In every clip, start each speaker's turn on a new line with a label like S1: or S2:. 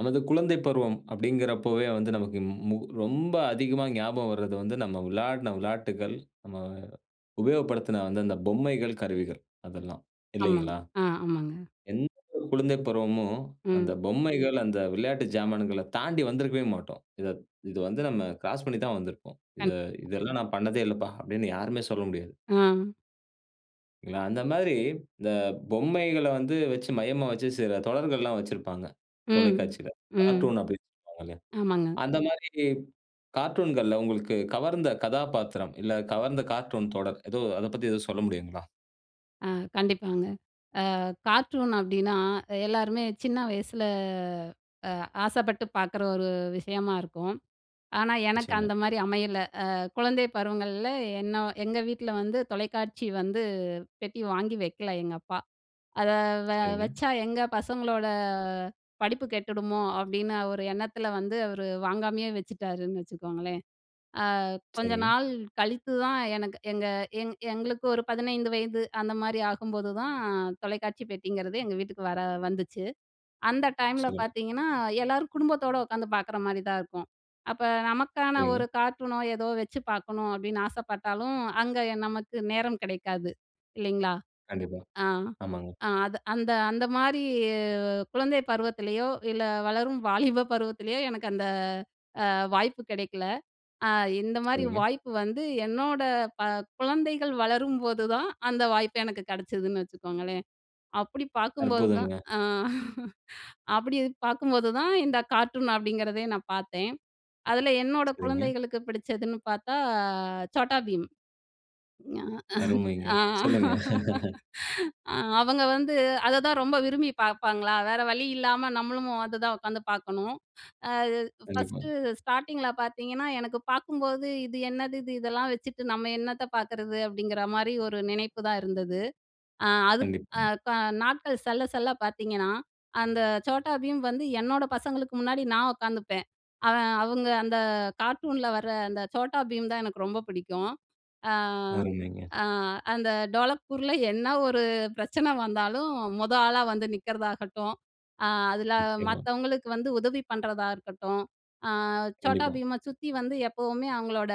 S1: நமது குழந்தை பருவம், அப்படிங்கறப்பவே வந்து நமக்கு மு மு ரொம்ப அதிகமா ஞாபகம் வர்றது வந்து, நம்ம விளையாடுன விளையாட்டுகள், நம்ம உபயோகப்படுத்தின அந்த அந்த பொம்மைகள், கருவிகள் அதெல்லாம்
S2: ஆமாங்,
S1: இல்லைங்களா?
S2: அ ஆமாங்க.
S1: எந்த ஒரு குழந்தை பருவமும் அந்த
S2: ம்.
S1: பொம்மைகள், அந்த விளையாட்டு ஜாமான்கள தாண்டி வந்திருக்கவே மாட்டோம். இத இது வந்து நம்ம கிராஸ் பண்ணிதான் வந்திருப்போம்.
S2: கண்
S1: "இத இதெல்லாம் நான் பண்ணதே இல்லப்பா" அப்படின்னு யாருமே சொல்ல முடியாது.
S2: ஆ.
S1: இதுல அந்த மாதிரி, இந்த பொம்மைகள வந்து வச்சு, மையமா வச்சு சில தொடர்கள்லாம் வச்சிருப்பாங்க
S2: ம்,
S1: தொலைக்காட்சியில.
S2: ம்,
S1: கார்ட்டூன் அப்படின்னு சொல்வாங்க.
S2: ஆமாங்க.
S1: அந்த மாரி கார்ட்டூன்கள்ல உங்களுக்கு கவர்ந்த கதாப்பாத்திரம், இல்ல கவர்ந்த கார்ட்டூன் தொடர் எதோ, அதப் பத்தி எதுவும் சொல்ல முடியுங்களா?
S2: அ கண்டிப்பாங்க. அ கார்ட்டூன் அப்படின்னா, எல்லாருமே சின்ன வயசுல அ ஆசைப்பட்டு பார்க்குற ஒரு விஷயமா இருக்கும். ஆனா, எனக்கு
S1: நிச்சயமா.
S2: அந்த மாரி அமையல. அ குழந்தை பருவங்கள்ல என்னோ எங்க வீட்ல வந்து தொலைக்காட்சி வந்து பெட்டி வாங்கி வைக்கல எங்கப்பா. அத வ
S1: சரிங்க.
S2: வச்சா, "எங்க பசங்களோட படிப்பு கெட்டுடுமோ?" அப்படின்னு அவரு எண்ணத்தில வந்து அவரு வாங்காமயே வச்சுட்டாருன்னு வச்சுக்கோங்களேன். அ கொஞ்ச
S1: சரிங்க.
S2: நாள் கழித்துதான் எனக்கு எங்க எங் எங்களுக்கு ஒரு 15 வயது அந்த மாரி ஆகும்போது தான், தொலைக்காட்சி பெட்டிங்கிறது எங்க வீட்டுக்கு வர வந்துச்சு. அந்த டைம்ல
S1: சொல்லுங்க.
S2: பார்த்தீங்கன்னா, எல்லாரும் குடும்பத்தோட உட்காந்து பார்க்குற மாரிதான் இருக்கும். அப்ப நமக்கான
S1: சரிங்க.
S2: ஒரு கார்ட்டூனோ, ஏதோ வச்சு பார்க்கணும் அப்படின்னு ஆசைப்பட்டாலும், அங்க எ நமக்கு நேரம் கிடைக்காது, இல்லைங்களா?
S1: கண்டிப்பா.
S2: அ.
S1: ஆமாங்க.
S2: அ அது அந்த அந்த மாரி குழந்தை பருவத்திலயோ, இல்ல வளரும் வாலிப பருவத்திலேயோ எனக்கு அந்த அ வாய்ப்பு கிடைக்கல. அ இந்த மாரி
S1: சரிங்க.
S2: வாய்ப்பு வந்து என்னோட ப குழந்தைகள் வளரும்போதுதான், அந்த வாய்ப்பு எனக்கு கிடைச்சதுன்னு வச்சுக்கோங்களேன். அப்படி பார்க்கும்போது தான்
S1: அற்புதங்க.
S2: அ அப்படி அது பார்க்கும்போது தான் இந்த கார்ட்டூன் அப்படிங்கிறதே நான் பார்த்தேன். அதுல என்னோட
S1: சரிங்க.
S2: குழந்தைகளுக்கு பிடிச்சதுன்னு பார்த்தா Chhota Bheem. ஞ
S1: அருமைங்க,
S2: அஹ் அ
S1: சொல்லுங்க.
S2: அ அவங்க வந்து அத தான் ரொம்ப விரும்பி பார்ப்பாங்களா, வேற வழி இல்லாம நம்மளும் அததான் உட்காந்து பார்க்கணும். அ
S1: கண்டிப்பா.
S2: ஃபர்ஸ்ட்டு ஸ்டார்ட்டிங்கில பார்த்தீங்கன்னா எனக்கு பார்க்கும்போது, "இது என்னது இது இதெல்லாம் வச்சுட்டு நம்ம என்னத்த பார்க்குறது?" அப்படிங்கிற மாரி ஒரு நினைப்புதான் இருந்தது. அ அதுக் அ
S1: கண்டிப்பாங்க.
S2: க நாட்கள் செல்ல செல்ல பார்த்தீங்கன்னா, அந்த Chhota Bheem வந்து என்னோட பசங்களுக்கு முன்னாடி, நான் உட்காந்துப்பேன்! அவன் அவுங்க அந்த கார்ட்டூன்ல வர அந்த Chhota Bheem தான் எனக்கு ரொம்ப பிடிக்கும். அ
S1: அருமைங்க.
S2: அ அந்த டோலக்பூர்ல என்ன ஒரு பிரச்சனை வந்தாலும், மொத ஆளா வந்து நிக்கறதாகட்டும், அ அதுல
S1: நிச்சயமா.
S2: மத்தவங்களுக்கு வந்து உதவி பண்ணுறதா இருக்கட்டும், அ Chhota
S1: கண்டிப்பா.
S2: Bheemஅ சுத்தி வந்து எப்பவுமே அவங்களோட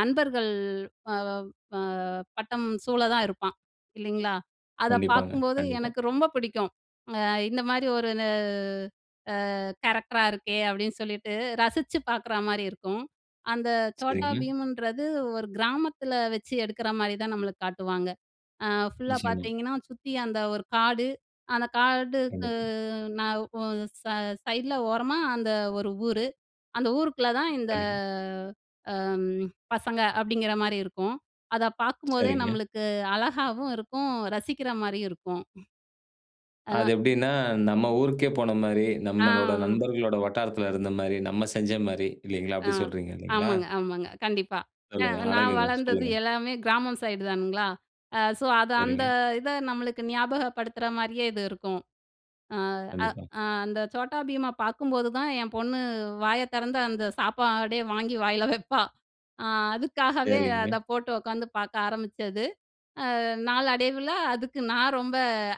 S2: நண்பர்கள் வவவ் வ வட்டம் சூழ தான் இருப்பான் இல்லைங்களா? அத
S1: கண்டிப்பாங்க,
S2: பார்க்கும்போது
S1: கண்டிப்பா.
S2: எனக்கு ரொம்ப பிடிக்கும். அ "இந்த மாரி ஒரு ந அ கேரக்டரா இருக்கே!" அப்படின்னு சொல்லிட்டு ரசிச்சு பார்க்குறா மாரி இருக்கும். அந்த Chhota
S1: சரிங்க.
S2: Bheemன்றது ஒரு கிராமத்துல வச்சு எடுக்குற மாரிதான் நம்மளுக்கு காட்டுவாங்க. அ ஃபுல்லா
S1: நிச்சயமா.
S2: பார்த்தீங்கன்னா, சுத்தி அந்த ஒரு காடு, அந்த காடுக்கு
S1: கண்டிப்பா.
S2: ந ஓ ச சைடுல ஓரமா அந்த ஒரு ஊரு. அந்த ஊருக்குள்ள தான் இந்த
S1: கண்டிப்பா.
S2: அம் பசங்க, அப்படிங்கிற மாரி இருக்கும். அத பார்க்கும்போதே
S1: சரிங்க.
S2: நம்மளுக்கு அழகாவும் இருக்கும், ரசிக்கிற மாரியும் இருக்கும். அ.
S1: அது
S2: அதான்.
S1: எப்படின்னா, நம்ம ஊருக்கே போன மாரி, நம்மளோட
S2: ஆ.
S1: நண்பர்களோட வட்டாரத்தில இருந்த மாரி, நம்ம செஞ்ச மாரி இல்லைங்களா!
S2: அ,
S1: அப்படி சொல்றீங்க, இல்லைங்களா?
S2: ஆமாங்க, ஆமாங்க, கண்டிப்பா. அ
S1: சொல்லுங்க.
S2: நான்
S1: அழகுங்க,
S2: வளர்ந்தது
S1: சொல்லுங்க.
S2: எல்லாமே கிராமம் சைடு தானுங்களா. அ சோ அது அந்த
S1: சரிங்க.
S2: இத நம்மளுக்கு ஞாபகப்படுத்துற மாரியே இது இருக்கும். அ அ
S1: கண்டிப்பா.
S2: அ அந்த Chhota Bheemஅ பார்க்கும்போது தான் என் பொண்ணு வாய திறந்து, அந்த சாப்பாடே வாங்கி வாயில வைப்பா. அ அதுக்காகவே அத
S1: சரிங்க.
S2: போட்டு உட்காந்து பார்க்க ஆரம்பிச்சது. அ நாளடைவுல அதுக்கு நான் ரொம்ப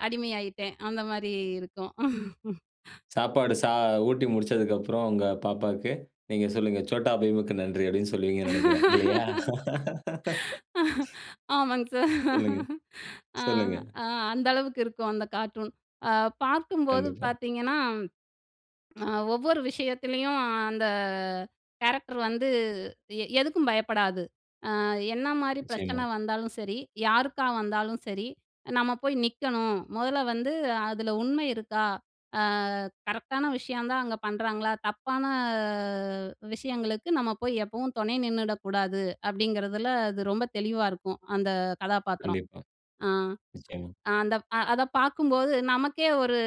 S2: அடிமையாயிட்டேன்! அந்த மாரி இருக்கும்.
S1: சாப்பாடு சா ஊட்டி முடிச்சதுக்கப்பறம் உங்க பாப்பாக்கு, நீங்க சொல்லுங்க, "Chotta Bheemக்கு நன்றி!" அப்படின்னு சொல்லுவீங்கன்னு நெனைக்கிறேன், இல்லையா?
S2: ஆமாங்க சார்.
S1: சொல்லுங்க,
S2: அ
S1: சொல்லுங்க.
S2: அ அந்த அளவுக்கு இருக்கும் அந்த கார்ட்டூன். அ பார்க்கும்போது
S1: கண்டிப்பா.
S2: பார்த்தீங்கன்னா, அ ஒவ்வொரு விஷயத்துலயும் அந்த கேரக்டர் வந்து, எ எதுக்கும் பயப்படாது. "அ என்ன மாரி
S1: நிச்சயமா.
S2: பிரச்சனை வந்தாலும் சரி, யாருக்கு வந்தாலும் சரி, நம்ம போய் நிக்கணும். முதல்ல வந்து அதில உண்மை இருக்கா? அ கரெக்ட்‌டான விஷயம் தான் அங்க பண்ணுறாங்களா? தப்பான விஷயங்களுக்கு நம்ம போய் எப்பவும் துணை நின்னுடக்கூடாது." அப்படிங்கிறதில அது ரொம்ப தெளிவா இருக்கும். அந்த கதாபாத்திரம்.
S1: கண்டிப்பா,
S2: அ
S1: நிச்சயமா.
S2: அந்த அ அத பார்க்கும்போது நமக்கே ஒரு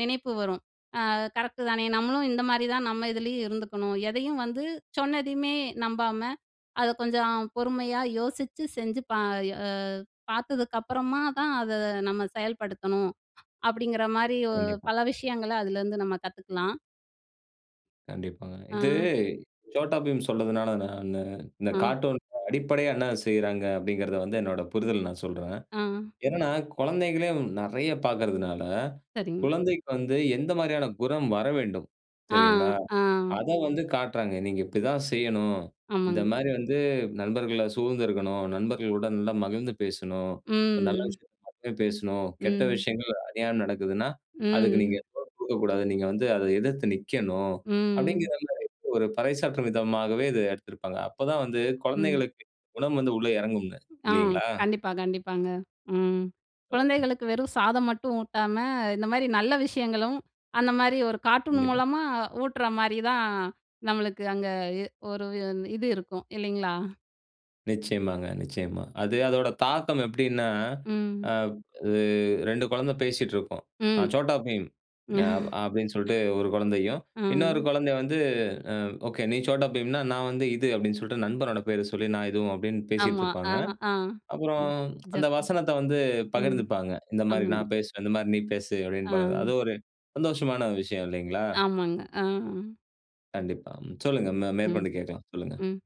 S2: நினைப்பு வரும், அ "கரெக்டுதானே நம்மளும் இந்த மாரி தான் நம்ம இதுலேயும் இருந்துக்கணும். எதையும் வந்து சொன்னதையுமே நம்பாம, அத கொஞ்சம் பொறுமையா யோசிச்சு செஞ்சு ப ஏவ் பார்த்ததுக்கு அப்புறமாதான் அத நம்ம செயல்படுத்தணும்." அப்படிங்கிற மாரி ஒ
S1: கண்டிப்பா.
S2: பல விஷயங்கள அதிலேருந்து நம்ம கத்துக்கலாம்.
S1: கண்டிப்பாங்க. இது
S2: ஆ.
S1: சோட்டா பீம் சொன்னதுனால நானு, "இந்த
S2: ஆ.
S1: கார்ட்டூன்க்கு அடிப்படையா என்ன செய்றாங்க?" அப்படிங்கறதை வந்து என்னோட புரிதல் நான் சொல்றேன்.
S2: ஆ.
S1: என்னனா குழந்தைகளே நெறைய பார்க்கறதுனால,
S2: சரிங்க.
S1: குழந்தைக்கு வந்து எந்த மாரியான குணம் வரவேண்டும்?
S2: ஆ,
S1: சரிங்களா,
S2: ஆ.
S1: அதை வந்து காட்டுறாங்க. "நீங்க இப்படி தான் செய்யணும். இந்த
S2: ஆமாங்க.
S1: மாரி வந்து நண்பர்களை சூழ்ந்துருக்கணும். நண்பர்களுடன் நல்லா மகிழ்ந்து பேசணும். ஒரு நல்ல
S2: ம்.
S1: விஷயத்தை மட்டும் பேசணும், கெட்ட
S2: ம்.
S1: விஷயங்கள் அறியாம நடக்குதுன்னா அதுக்கு நீங்க
S2: ம்.
S1: [unintelligible] குடுக்கக்கூடாது. நீங்க வந்து அதை எதிர்த்து நிக்கணும்."
S2: ம்.
S1: அப்படிங்கிறதுல இப்ப ஒரு பறைசாற்றும் விதமாகவே இது எடுத்திருப்பாங்க. அப்பதான் வந்து
S2: ம்.
S1: குழந்தைகளுக்கு குணம் வந்து உள்ள இறங்கும்ங்க.
S2: ஆ
S1: இல்லைங்களா?
S2: கண்டிப்பா, கண்டிப்பாங்க. ம்.
S1: சொல்லுங்க.
S2: குழந்தைகளுக்கு வெறும் சாதம் மட்டும் ஊட்டாம, இந்த மாரி நல்ல விஷயங்களும் அந்த மாரி ஒரு கார்ட்டூன்
S1: கண்டிப்பா.
S2: மூலமா ஊட்டுற மாரி தான் நம்மளுக்கு அங்க இ ஒரு இது இருக்கும் இல்லைங்களா?
S1: நிச்சயமாங்க, நிச்சயமா. அது அதோட தாக்கம் எப்படின்னா,
S2: ம்.
S1: அ இ 2 குழந்தை பேசிட்ருக்கும். "நா
S2: ம்
S1: Chhota Bheem நா" அப்படின்னு சொல்லிட்டு ஒரு குழந்தையும், இன்னொரு
S2: அ.
S1: குழந்தை வந்து "ம். ஓகே நீ Chhota Bheemனா நான் வந்து இது" அப்படின்னு சொல்லிட்டு நண்பனோட பேர சொல்லி நான் இதுவும் அப்படின்னு பேசிட்டு
S2: ஆமா. ஆ,
S1: இருப்பாங்க.
S2: ஆ.
S1: அப்பறம் அந்த
S2: [unintelligible]
S1: வசனத்தை வந்து
S2: ம்.
S1: பகிர்ந்துப்பாங்க. "இந்த மாரி
S2: ஆமாங்க.
S1: நான் பேசுறேன், இந்த மாரி நீ பேசு" அப்படின்னு ப
S2: ஆ.
S1: அது ஒரு சந்தோஷமான விஷயம், இல்லைங்களா?
S2: ஆமாங்க. அ.
S1: கண்டிப்பா. ம். சொல்லுங்க மே
S2: ம்.
S1: மேற்கொண்டு கேட்கலாம். சொல்லுங்க.
S2: ம்.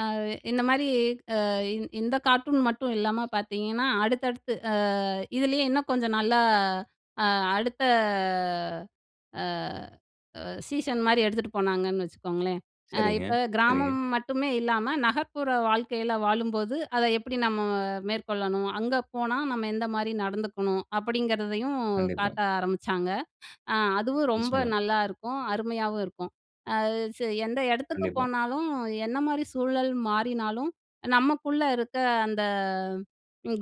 S2: அ இந்த மாரி அ இந் இந்த கார்ட்டூன் மட்டும் இல்லாம பார்த்தீங்கன்னா, அடுத்தடுத்து அ இதிலயே இன்னும் கொஞ்சம், நல்லா அ அடுத்த அ சீசன் மாரி எடுத்துட்டு போனாங்கன்னு வச்சுக்கோங்களேன். "அ
S1: சரிங்க.
S2: இப்ப
S1: சரிங்க.
S2: கிராமம் மட்டுமே இல்லாம, நகர்ப்புற வாழ்க்கையில வாழும்போது, அதை எப்படி நம்ம மேற்கொள்ளணும்? அங்க போனா நம்ம எந்த மாரி நடந்துக்கணும்?" அப்படிங்கிறதையும்
S1: கண்டிப்பா.
S2: காட்ட ஆரம்பிச்சாங்க. அ அதுவும் ரொம்ப
S1: நிச்சயமா.
S2: நல்லாருக்கும். அருமையாவும் இருக்கும். அ ச "எந்த இடத்துக்கு
S1: கண்டிப்பா.
S2: போனாலும் என்ன மாரி சூழல் மாறினாலும், நம்மக்குள்ள இருக்க அந்த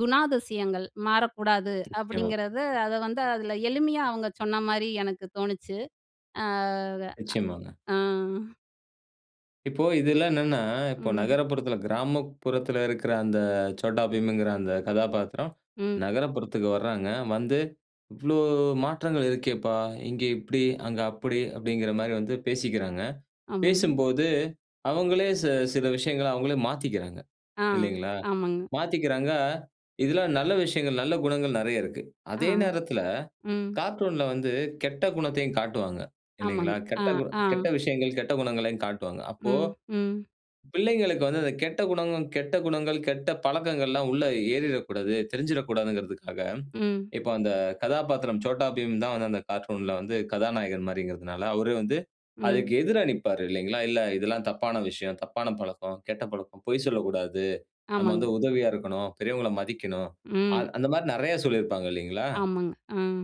S2: குணாதிசயங்கள் மாறக்கூடாது"
S1: நிச்சயமா.
S2: அப்படிங்கிறத அதை வந்து அதில எளிமையா, அவங்க சொன்ன மாரி எனக்கு தோணுச்சு. அ க.
S1: நிச்சயமாங்க.
S2: அ.
S1: இப்போ இதுல்லாம் என்னென்னா இப்ப
S2: ம்.
S1: நகரப்புறத்தில கிராமப்புறத்தில இருக்கிற அந்த Chhota Bheem ங்கிற அந்த கதாபாத்திரம்
S2: ம்.
S1: நகரப்புறத்துக்கு வர்றாங்க. வந்து, "இவ்வளோ மாற்றங்கள் இருக்கேப்பா, இங்கே இப்படி அங்க அப்படி" அப்படிங்கிற மாரி வந்து பேசிக்கிறாங்க.
S2: ஆமாங்க.
S1: பேசும்போது அவங்களே சி சில விஷயங்களை அவங்களே மாத்திக்கிறாங்க.
S2: ஆ.
S1: இல்லைங்களா?
S2: ஆமாங்க.
S1: மாத்திக்கிறாங்க, இதில நல்ல விஷயங்கள் நல்ல குணங்கள் நெறைய இருக்கு.
S2: ஆ.
S1: அதே நேரத்தில
S2: ம்.
S1: கார்ட்டூன்‌ல வந்து கெட்ட குணத்தையும் காட்டுவாங்க.
S2: ஆமாங்க.
S1: இல்லைங்களா?
S2: ஆ,
S1: கெட்டகு
S2: ஆ.
S1: கெட்ட விஷயங்கள் கெட்ட குணங்களையும் காட்டுவாங்க. அப்போ,
S2: ம். ம்.
S1: பிள்ளைகளுக்கு வந்து அந்த கெட்ட குணங்களும், கெட்ட குணங்கள் கெட்ட பழக்கங்கள்லாம் உள்ள ஏறிறக்கூடாது, தெரிஞ்சிறக்கூடாதுங்கறதக்காக
S2: ம்.
S1: இப்ப அந்த கதாபாத்திரம் Chhota Bheem தான் வந்து அந்த கார்ட்டூன்‌ல வந்து கதாநாயகன் மாரிங்கறதனால, அவரு வந்து அதுக்கு
S2: ம்.
S1: எதிரா நிப்பாரு, இல்லைங்களா? "இல்லை இதெல்லாம் தப்பான விஷயம், தப்பான பழக்கம், கெட்ட பழக்கம். பொய் சொல்லக்கூடாது. நம்ம
S2: ஆமாங்க.
S1: வந்து உதவியா இருக்கணும். பெரியவங்கள மதிக்கணும்." அ
S2: ம்.
S1: அந்த மாரி நெறைய சொல்லியிருப்பாங்க, இல்லைங்களா?
S2: ஆமாங்க. ம்.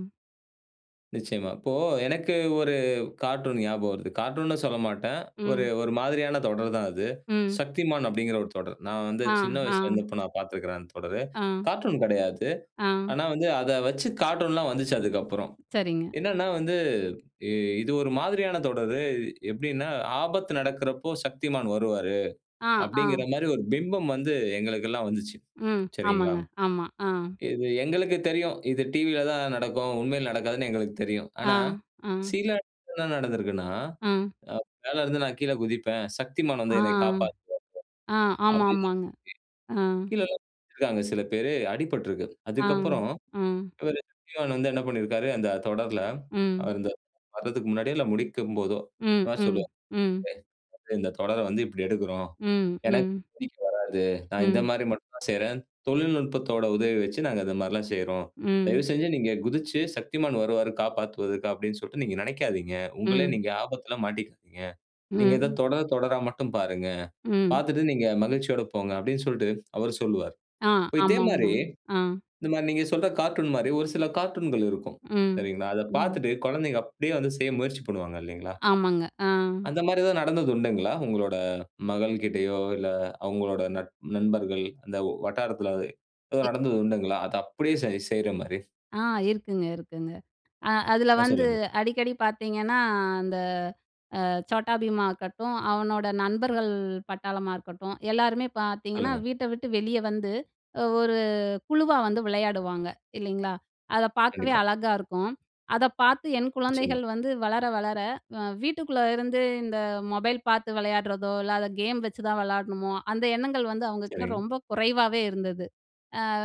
S1: நிச்சயமா. இப்போ எனக்கு ஒரு கார்ட்டூன் ஞாபகம் வருது. கார்ட்டூன்னு சொல்ல மாட்டேன், ஒரு
S2: ம்.
S1: ஒரு மாதிரியான தொடர் தான் அது.
S2: ம்.
S1: Shaktimaan அப்படிங்கிற ஒரு தொடர். நான் வந்து சின்ன வயசுல
S2: ஆஹா.
S1: இருந்தபோ நான் பார்த்துருக்கிறேன் அந்த தொடரு.
S2: ஆ.
S1: கார்ட்டூன் கெடையாது.
S2: ஆ.
S1: ஆனா வந்து அத வச்சு கார்ட்டூன்லாம் வந்துச்சு அதுக்கப்பறம்.
S2: சரிங்க.
S1: என்னனா வந்து இ இது ஒரு மாதிரியான தொடரு. எப்பிடினா "ஆபத்து நடக்குறப்போ Shaktimaan வருவாரு"
S2: ஆ. ஆ.
S1: அப்படிங்கற மாரி ஒரு பிம்பம் வந்து எங்களுக்கெல்லாம் வந்துச்சு.
S2: ம்.
S1: சரிங்களா?
S2: ஆமாங்க, ஆமா. ஆ.
S1: இது எங்களுக்கு தெரியும், இது டிவில தான் நடக்கும். உண்மையிலே நடக்காதுன்னு எங்களுக்கு தெரியும்.
S2: ஆ.
S1: ஆனா,
S2: அ.
S1: சில [unintelligible] நடந்திருக்குன்னா,
S2: அ.
S1: "அ மேல இருந்து நான் கீழே குதிப்பேன், Shaktimaan வந்து
S2: ஆ.
S1: என்னைய காப்பாத்துவாரு."
S2: ஆ.
S1: அப்படின்னு சொல்லி,
S2: ஆமாமாங்க. அ.
S1: கீழல்லாம் குதிச்சுருக்காங்க சில பேரு அடிபட்ருக்கு.
S2: ஆ.
S1: அதுக்கப்பறம் [unintelligible]
S2: ம்.
S1: இவரு Shaktimaan வந்து என்ன பண்ணிருக்காரு, அந்த தொடருல
S2: ம்.
S1: அந்த [unintelligible] வரதுக்கு முன்னாடியோ இல்ல முடிக்கும் போதோ,
S2: ம். ம். ம்.
S1: [unintelligible] "இந்த தொடர வந்து இப்படி எடுக்குறோம்,
S2: ம்.
S1: ஏன்னா
S2: ம்.
S1: [unintelligible] வராது. நான் இந்த
S2: ம்.
S1: மாரி மட்டும்தான் செய்றேன். தொழில்நுட்பத்தோட உதவி வச்சு நாங்க இந்த மாரில்லாம் செய்றோம்.
S2: ம்.
S1: தயவுசெஞ்சு நீங்க குதிச்சு, 'Shaktimaan வருவாரு காப்பாத்துவதற்கு' அப்படின்னு சொல்லிட்டு நீங்க நெனைக்காதீங்க. உங்களை
S2: ம்.
S1: நீங்க ஆபத்துல மாட்டிக்குவீங்க. நீங்க இத
S2: ம்.
S1: தொடர, தொடரா மட்டும் பாருங்க.
S2: ம்.
S1: பார்த்துட்டு நீங்க மகிழ்ச்சியோட போங்க." அப்படின்னு சொல்லிட்டு அவரு சொல்லுவாரு.
S2: ஆ.
S1: இப்ப இதே
S2: ஆமாமா.
S1: மாரி
S2: ஆ.
S1: இந்த மாரி நீங்க சொல்ற கார்ட்டூன் மாரி ஒரு சில கார்ட்டூன்கள் இருக்கும்.
S2: ம்.
S1: சரிங்களா? அத
S2: ம்.
S1: பார்த்துட்டு, குழந்தைங்க அப்படியே வந்து செய்ய முயற்சி பண்ணுவாங்க, இல்லீங்களா?
S2: ஆமாங்க. ஆ.
S1: அந்த மாரி ஏதாவது நடந்தது உண்டுங்களா? உங்களோட மகள்கிட்டயோ, இல்ல அவுங்களோட நட் நண்பர்கள் அந்த ஓ வட்டாரத்தில
S2: எ
S1: எதாவது நடந்தது உண்டுங்களா? அத அப்படியே செய் செய்ற மாரி.
S2: ஆ! இருக்குங்க, இருக்குங்க. அ அதில
S1: அ.
S2: வந்து
S1: சொல்லுங்க.
S2: அடிக்கடி பார்த்தீங்கன்னா, அந்த அ Chhota Bheem ஆகட்டும், அவனோட நண்பர்கள் பட்டாளமா இருக்கட்டும், எல்லாருமே பார்த்தீங்கன்னா
S1: சொல்லுங்க.
S2: வீட்ட விட்டு வெளிய வந்து ஒரு குழுவா வந்து விளையாடுவாங்க, இல்லைங்களா? அத பார்க்கவே
S1: கண்டிப்பா.
S2: அழகா இருக்கும். அத பார்த்து என்
S1: நிச்சயமா.
S2: குழந்தைகள் வந்து வளர வளர வ வீட்டுக்குள்ள இருந்து இந்த மொபைல் பாத்து விளையாடுறதோ, இல்ல அத கேம் வச்சு தான் விளையாடணுமோ, அந்த எண்ணங்கள் வந்து அவங்க கிட்ட
S1: சரிங்க.
S2: ரொம்ப குறைவாவே இருந்தது.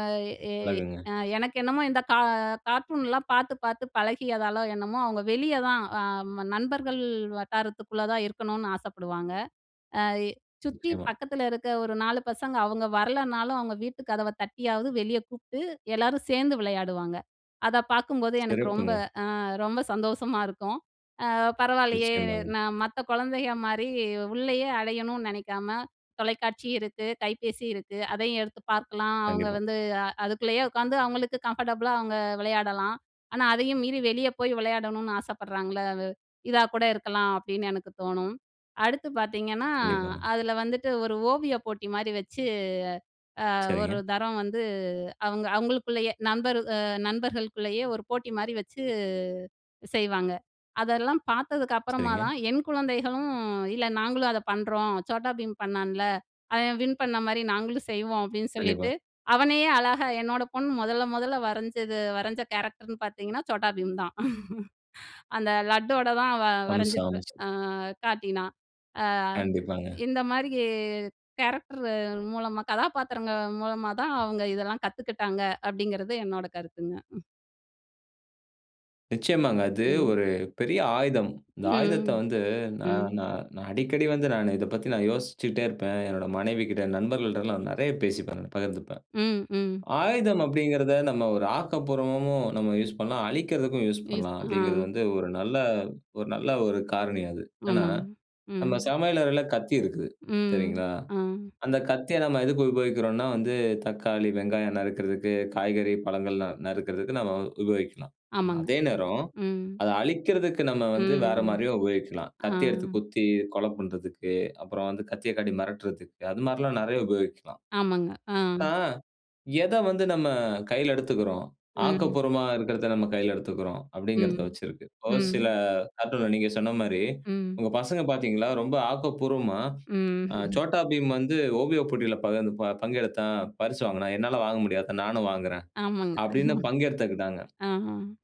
S2: அ எ
S1: அழகுங்க.
S2: அ எனக்கு என்னமோ இந்த கா கார்ட்டூன்லாம் பார்த்து பார்த்து பழகியதாலோ என்னமோ அவங்க வெளிய தான் அம் நண்பர்கள் வட்டாரத்துக்குள்ள தான் இருக்கணும்னு ஆசப்படுவாங்க. அ எ சுத்தி
S1: நிச்சயமா.
S2: பக்கத்துல இருக்க ஒரு 4 பசங்க அவுங்க வரலனாலும், அவுங்க வீட்டு கதவ தட்டியாவது வெளிய கூப்பிட்டு, எல்லாரும் சேர்ந்து விளையாடுவாங்க. அத பார்க்கும்போது எனக்கு ரொம்ப
S1: சிறப்புங்க.
S2: அ ரொம்ப சந்தோஷமா இருக்கும். "அ பரவால்லையே!
S1: நிச்சயமாங்க.
S2: நான் மத்த குழந்தைகள் மாரி உள்ளயே அடையணும்னு நினைக்காம, தொலைக்காட்சி இருக்கு, கைப்பேசி இருக்கு, அதையும் எடுத்து பார்க்கலாம். அவுங்க
S1: கண்டிப்பா.
S2: வந்து அ அதுக்குள்ளயே உட்காந்து அவுங்களுக்கு கம்ஃபர்டபுளா அவுங்க விளையாடலாம். ஆனா, அதயும் மீறி வெளிய போய் விளையாடணும்னு ஆசப்படுறாங்கல்ல அது, இதா கூட இருக்கலாம்." அப்படின்னு எனக்கு தோணும். அடுத்து பார்த்தீங்கன்னா
S1: கண்டிப்பாங்க.
S2: அதுல வந்துட்டு ஒரு ஓவிய போட்டி மாரி வச்சு, அ ஒரு
S1: சரிங்க.
S2: தரம் வந்து அவுங்க அவுங்களுக்குள்ளயே நண்பர் அ நண்பர்களுக்குள்ளயே ஒரு போட்டி மாரி வச்சு செய்வாங்க. அதெல்லாம் பார்த்ததுக்கு அப்பறமா
S1: சரிங்க.
S2: தான், என் குழந்தைகளும் இல்ல,"நாங்களும் அத பண்றோம். Chhota Bheem பண்ணான்ல அவன் வின் பண்ண மாரி நாங்களும் செய்வோம்." அப்படின்னு
S1: கண்டிப்பா.
S2: சொல்லிட்டு, அவனயே அழகா என்னோட பொண்ணு முதல்ல, முதல்ல வரஞ்சது வரைஞ்ச கேரக்டர்ன்னு பார்த்தீங்கன்னா Chhota Bheem தான். அந்த லட்டோட தான் அவ
S1: அம்ச
S2: வரஞ்சுக்
S1: அம்சம்.
S2: அ காட்டினா. அ
S1: கண்டிப்பாங்க.
S2: இந்த மாரி இ கேரக்டர் மூலமா, கதாபாத்திரங்க மூலமா தான் அவுங்க இதெல்லாம் கத்துக்கிட்டாங்க அப்படிங்கிறது என்னோட கருத்துங்க. ம்.
S1: நிச்சயமாங்க. அது
S2: ம்.
S1: ஒரு பெரிய ஆயுதம். இந்த ஆயுதத்தை
S2: ம்,
S1: வந்து நா
S2: ம்.
S1: நா நான் அடிக்கடி வந்து நானு இதை பத்தி நான் யோசிச்சுட்டே இருப்பேன். என்னோட மனைவி கிட்ட, நண்பர்கள்டெல்லாம் நெறையா பேசிப்பேன் நான் பகிர்ந்துப்பேன்.
S2: ம், ம்.
S1: ஆயுதம் அப்படிங்கிறத நம்ம ஒரு ஆக்கப்பூர்வமாகவும் நம்ம யூஸ் பண்ணலாம். அழிக்கறதுக்கும் யூஸ்
S2: யூஸ்
S1: பண்ணலாம்.
S2: அ.
S1: அப்படிங்கிறது வந்து ஒரு நல்ல ஒரு நல்ல ஒரு காரணி அது. ஏன்னா
S2: ஆமாங்க.
S1: நம்ம
S2: ம்.
S1: சமையல் அறையில கத்தி இருக்குது,
S2: ம்.
S1: சரிங்களா!
S2: ஆ.
S1: அந்தக் கத்திய நம்ம எதுக்கு உபயோகிக்கிறோம்னா வந்து தக்காளி, வெங்காயம் நறுக்கறதுக்கு காய்கறி, பழங்களா நறுக்கறதுக்கு நம்ம உபயோகிக்கலாம்.
S2: ஆமாங்க.
S1: அதே நேரம்,
S2: ம்.
S1: அதை அழிக்கிறதுக்கு நம்ம வந்து வேற
S2: ம்.
S1: மாரியும் உபயோகிக்கலாம்.
S2: ஆ.
S1: கத்தி எடுத்து குத்தி, கொலை பண்றதுக்கு, அப்புறம் வந்து கத்தியை காட்டி மிரட்டுதற்கு, அது மாரில்லாம் நெறையா உபயோகிக்கலாம்.
S2: ஆமாங்க. ஆ.
S1: அ எதை வந்து நம்ம கையில எடுத்துக்கிறோ?
S2: [unintelligible]
S1: ஆக்கப்பூர்வமா இருக்கிறத நம்ம கையில எடுத்துக்கிறோம், அப்படிங்கிறத
S2: ம்,
S1: வச்சு இருக்கு. ஒரு சில
S2: ம்.
S1: கார்ட்டூன்ல நீங்க சொன்ன மாரி
S2: ம்.
S1: உங்க பசங்க பாத்தீங்களா ரொம்ப ஆக்கப்பூர்வமா,
S2: ம்.
S1: அ "சோட்டா பீம் வந்து ஓவிய போட்டியில பகிர்ந் ப பங்கெடுத்தான், பரிசு வாங்குனான். என்னால வாங்க முடியாதா? நானும் வாங்குறேன்"
S2: ஆமாங்க.
S1: அப்படீன்னு பங்கெடுத்துக்கிட்டாங்க.
S2: அ.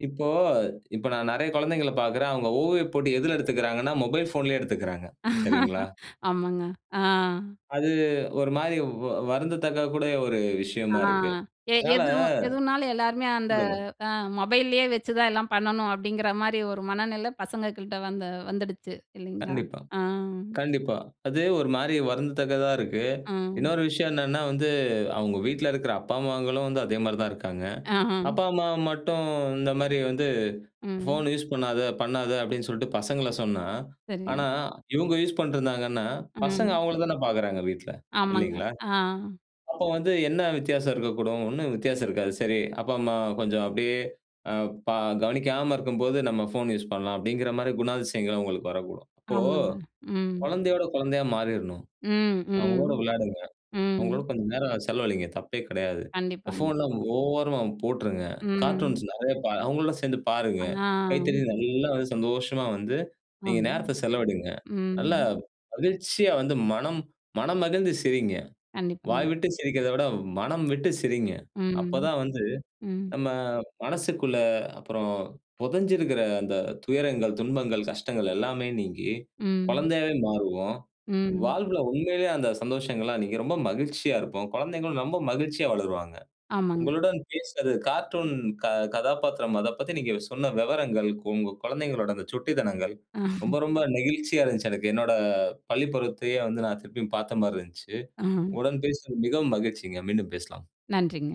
S1: இப்போ இப்ப நான் நெறையா குழந்தைங்கள பாக்குறேன். அவுங்க ஓவியப் போட்டி எதுல எடுத்துக்கிறாங்கன்னா, மொபைல் ஃபோன்லயே எடுத்துக்கிறாங்க, சரிங்களா?
S2: ஆமாங்க. அ.
S1: அது ஒரு மாதிரி வ வ வருந்தத்தக்கக்கூடிய ஒரு
S2: அ
S1: விஷயமா இருக்கு.
S2: எ
S1: அதனால
S2: எதுவும் எதுவுனாலும் எல்லாருமே அந்த
S1: சொல்லுங்க.
S2: அ மொபைல்லயே வச்சு தான் எல்லாம் பண்ணணும், அப்படிங்கிற மாரி ஒரு மனநிலை பசங்க கிட்ட வந்து வந்துடுச்சு. இல்லைங்களா?
S1: கண்டிப்பா.
S2: அ.
S1: கண்டிப்பா. அது ஒரு மாரி வருந்தத்தக்கதா இருக்கு.
S2: அ.
S1: இன்னொரு விஷயம் என்னன்னா வந்து அவுங்க வீட்ல இருக்கிற அப்பா, அம்மாங்களும் வந்து அதே மாரி தான் இருக்காங்க.
S2: அஹ்ம்.
S1: அப்பா, அம்மா மட்டும் இந்த மாதிரி வந்து
S2: ம்.
S1: ஃபோன் யூஸ் பண்ணாத, பண்ணாத அப்படீன்னு சொல்லிட்டு பசங்கள சொன்னா, ஆனா
S2: சரி.
S1: இவுங்க யூஸ் பண்ணிட்டுருந்தாங்கன்னா பசங்க
S2: ம்.
S1: அவுங்கள தான பாக்குறாங்க வீட்ல,
S2: ஆமாங்க.
S1: இல்லைங்களா?
S2: ஆ.
S1: அப்போ வந்து என்ன வித்தியாசம் இருக்கக்கூடும்? ஒண்ணும் வித்தியாசம் இருக்காது. சரி! அப்பா, அம்மா கொஞ்சம் அப்படியே அ ப கவனிக்காம இருக்கும்போது, நம்ம ஃபோன் யூஸ் பண்ணலாம் அப்படிங்கிற மாரி குணாதிசயங்கள் அவுங்களுக்கு வரக்கூடும். இப்போ
S2: ஆமாங்க. ம்.
S1: குழந்தையோட, குழந்தையா மாறிடணும்.
S2: ம்,
S1: அவுங்களோட
S2: ம்,
S1: விளையாடுங்க, அவுங்களோட
S2: ம்.
S1: கொஞ்சம் நேரம் செலவழிங்க தப்பே கிடையாது.
S2: கண்டிப்பாங்க.
S1: ஃபோன்லாம் ஓரமா போட்டுருங்க. கார்ட்டூன்ஸ்
S2: ம்.
S1: நெறையா பா அவுங்களோட சேர்ந்து பாருங்க.
S2: ஆ.
S1: கைத்தட்டி நல்லா வந்து சந்தோஷமா வந்து நீங்க
S2: ஆமாங்
S1: நேரத்தை செலவழிங்க.
S2: ம்.
S1: நல்லா மகிழ்ச்சியா வந்து மனம், மனம் மகிழ்ந்து சிரிங்க. வாய்
S2: கண்டிப்பாங்க.
S1: விட்டு சிரிக்கிறதை விட மனம் விட்டு சிரிங்க. அப்ப
S2: ம்,
S1: தான் வந்து
S2: ம்.
S1: நம்ம மனசுக்குள்ள அப்புறம் புதைஞ்சிருக்கிற அந்த துயரங்கள், துன்பங்கள், கஷ்டங்கள் எல்லாமே நீங்கி
S2: ம்.
S1: குழந்தையாவே மாறுவோம்.
S2: ம்.
S1: வாழ்வில உண்மைலயே அந்த சந்தோஷங்கள்லா இன்னைக்கி ரொம்ப மகிழ்ச்சியா இருப்போம். குழந்தைகளும் ரொம்ப மகிழ்ச்சியா வளருவாங்க.
S2: ஆமாங்க.
S1: உங்களுடன் பேசியது, கார்ட்டூன் க கதாபாத்திரம் அதைப் பத்தி நீங்க சொன்ன விவரங்கள், உ உங்க குழந்தைகளோட அந்த சுட்டித்தனங்கள், ரொம்ப, ரொம்ப நெகிழ்ச்சியா இருந்துச்சு. எனக்கு, என்னோட பள்ளிப்பருவத்தையே வந்து நான் திருப்பியும் பார்த்த மாரி இருந்துச்சு.
S2: அ.
S1: உங்களுடன் பேசியதில் மிகவும் மகிழ்ச்சிங்க. மீண்டும் பேசலாம்.
S2: நன்றிங்க.